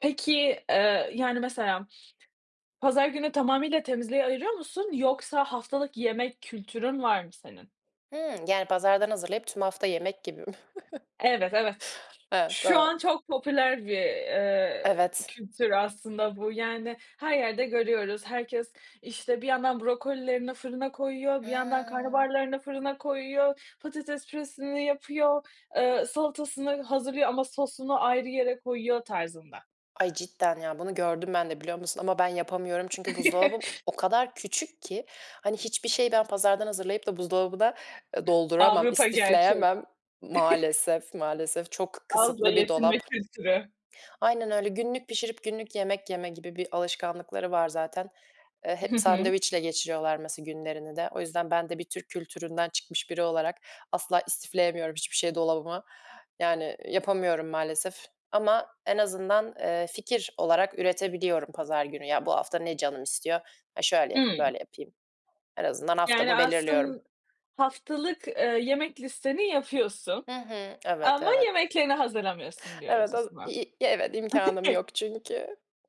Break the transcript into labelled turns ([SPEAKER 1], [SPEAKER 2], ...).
[SPEAKER 1] Peki, eee, yani mesela pazar günü tamamıyla temizliğe ayırıyor musun yoksa haftalık yemek kültürün var mı senin?
[SPEAKER 2] Hımm. Yani pazardan hazırlayıp tüm hafta yemek gibi mi?
[SPEAKER 1] Evet, evet.
[SPEAKER 2] Evet.
[SPEAKER 1] Şu an
[SPEAKER 2] Tamam.
[SPEAKER 1] çok popüler bir, eee,
[SPEAKER 2] Evet.
[SPEAKER 1] kültür aslında bu. Yani her yerde görüyoruz herkes, işte, bir yandan brokolilerini fırına koyuyor, bir yandan
[SPEAKER 2] Hıı.
[SPEAKER 1] karnabaharlarını fırına koyuyor, patates püresini yapıyor, ııı, salatasını hazırlıyor ama sosunu ayrı yere koyuyor tarzında.
[SPEAKER 2] Ay, cidden ya. Bunu gördüm ben de, biliyor musun? Ama ben yapamıyorum çünkü buzdolabım o kadar küçük ki! Hani hiçbir şeyi ben pazardan hazırlayıp da buzdolabına, ııı, dolduramam,
[SPEAKER 1] Avrupa gerçeği.
[SPEAKER 2] istifleyemem Maalesef, maalesef, çok
[SPEAKER 1] Azla
[SPEAKER 2] kısıtlı bir
[SPEAKER 1] yetinme
[SPEAKER 2] dolap.
[SPEAKER 1] kültürü.
[SPEAKER 2] Aynen öyle. Günlük pişirip günlük yemek yeme gibi bir alışkanlıkları var zaten. Eee, hep
[SPEAKER 1] Hı hı.
[SPEAKER 2] sandviçle geçiriyorlar mesela günlerini de. O yüzden ben de bir Türk kültüründen çıkmış biri olarak asla istifleyemiyorum hiçbir şey dolabıma. Yani yapamıyorum maalesef ama en azından, eee, fikir olarak üretebiliyorum pazar günü. Ya, bu hafta ne canım istiyor? "A, şöyle yapayım,
[SPEAKER 1] Hımm.
[SPEAKER 2] böyle yapayım." En azından
[SPEAKER 1] Yani
[SPEAKER 2] haftamı belirliyorum.
[SPEAKER 1] aslın Haftalık, eee, yemek listeni yapıyorsun
[SPEAKER 2] Hı hı. Evet,
[SPEAKER 1] ama
[SPEAKER 2] evet.
[SPEAKER 1] yemeklerini hazırlamıyorsun diyoruz
[SPEAKER 2] Evet,
[SPEAKER 1] o
[SPEAKER 2] as i
[SPEAKER 1] zaman.
[SPEAKER 2] i ya, evet, imkânım yok çünkü.